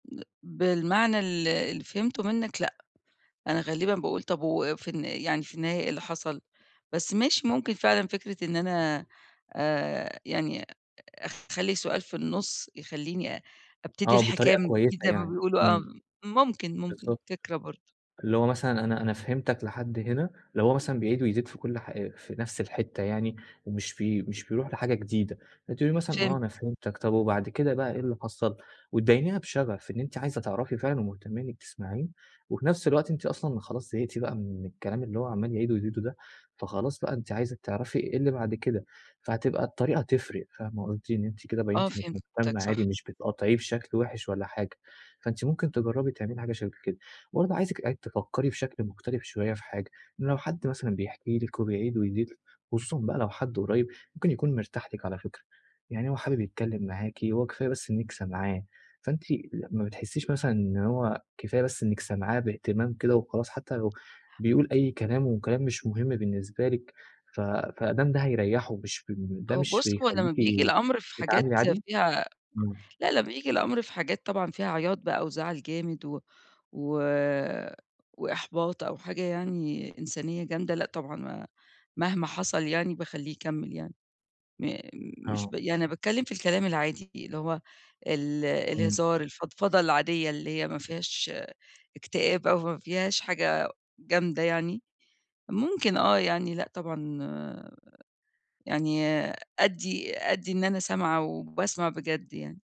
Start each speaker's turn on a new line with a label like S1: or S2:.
S1: [unintelligible] بالمعنى ال اللي فهمته منك لأ، أنا غالبًا باقول طب و في الن يعني في النهاية إيه اللي حصل، بس ماشي ممكن فعلًا فكرة إن أنا آآ يعني أخلّي سؤال في النص يخلّيني أبتدي
S2: آه
S1: الحكاية
S2: بطريقة
S1: من
S2: كويسة
S1: جديد زي ما
S2: يعني
S1: بيقولوا آه
S2: إمم.
S1: ممكن ممكن
S2: بالضبط،
S1: فكرة برضه.
S2: اللي هو مثلًا أنا أنا فهمتك لحد هنا لو هو مثلًا بيعيد ويزيد في كل حا في نفس الحتة يعني، ومش ب مش بيروح لحاجة جديدة فتقولي له مثلًا آه
S1: فهمت.
S2: أنا فهمتك طيب وبعد كده بقى إيه اللي حصل، وتبينيها بشغف إن أنتِ عايزة تعرفي فعلًا ومُهتمية إنك تسمعيه، وفي نفس الوقت أنتِ أصلًا خلاص زهقتِ بقى من الكلام اللي هو عمّال يعيده ويزيده ده، فخلاص بقى أنتِ عايزة تعرفي إيه اللي بعد كده، فهتبقى الطريقة تفرق فاهمة قولتِ إن أنتِ كده
S1: آه،
S2: بينتِ إنك مهتمة
S1: فهمتك
S2: عادي
S1: صح.
S2: مش بتقاطعيه بشكل وحِش ولا حاجة، فأنتِ ممكن تجربي تعملي حاجة شبه كده، وبرضه عايزِك تفكّري بشكل مختلف شوية في حاجة إن لو حد مثلًا بيحكِ لِك وبيعيد ويزيد خصوصًا بقى لو حد قُريّب ممكن يكون مرتاح لِك على فكرة، يعني هو حابب يتكلم معاكِ هو كفاية بس إنك سامعاه، فأنتِ ما بتحسيش مثلًا إن هو كفاية بس إنك سمعاه بإهتمام كده وخلاص حتى لو بيقول أي كلام وكلام مش مهم بالنسبة لِك ف فأدام ده هيريحه مش في ال ده
S1: هو
S2: مش
S1: بُصّ، هو لما
S2: بيخليكِ
S1: بييجي
S2: آآ
S1: الأمر في
S2: تتعاملي
S1: حاجات
S2: عادي؟
S1: فيها
S2: إمم.
S1: لا لا بييجي الأمر في حاجات طبعًا فيها عياط بقى وزعل جامد و و وإحباط أو حاجة يعني إنسانية جامدة، لأ طبعًا مهما حصل يعني باخليه يكمّل يعني م مش
S2: آه.
S1: ب يعني باتكلم في الكلام العادي اللي هو ال
S2: إمم.
S1: الهزار الفضفضة العادية اللي هي ما فيهاش اكتئاب أو ما فيهاش حاجة جامدة يعني، ممكن آه يعني لأ طبعًا آآ يعني آآ أدّي أدّي إن أنا سامعة وباسمع بجد يعني.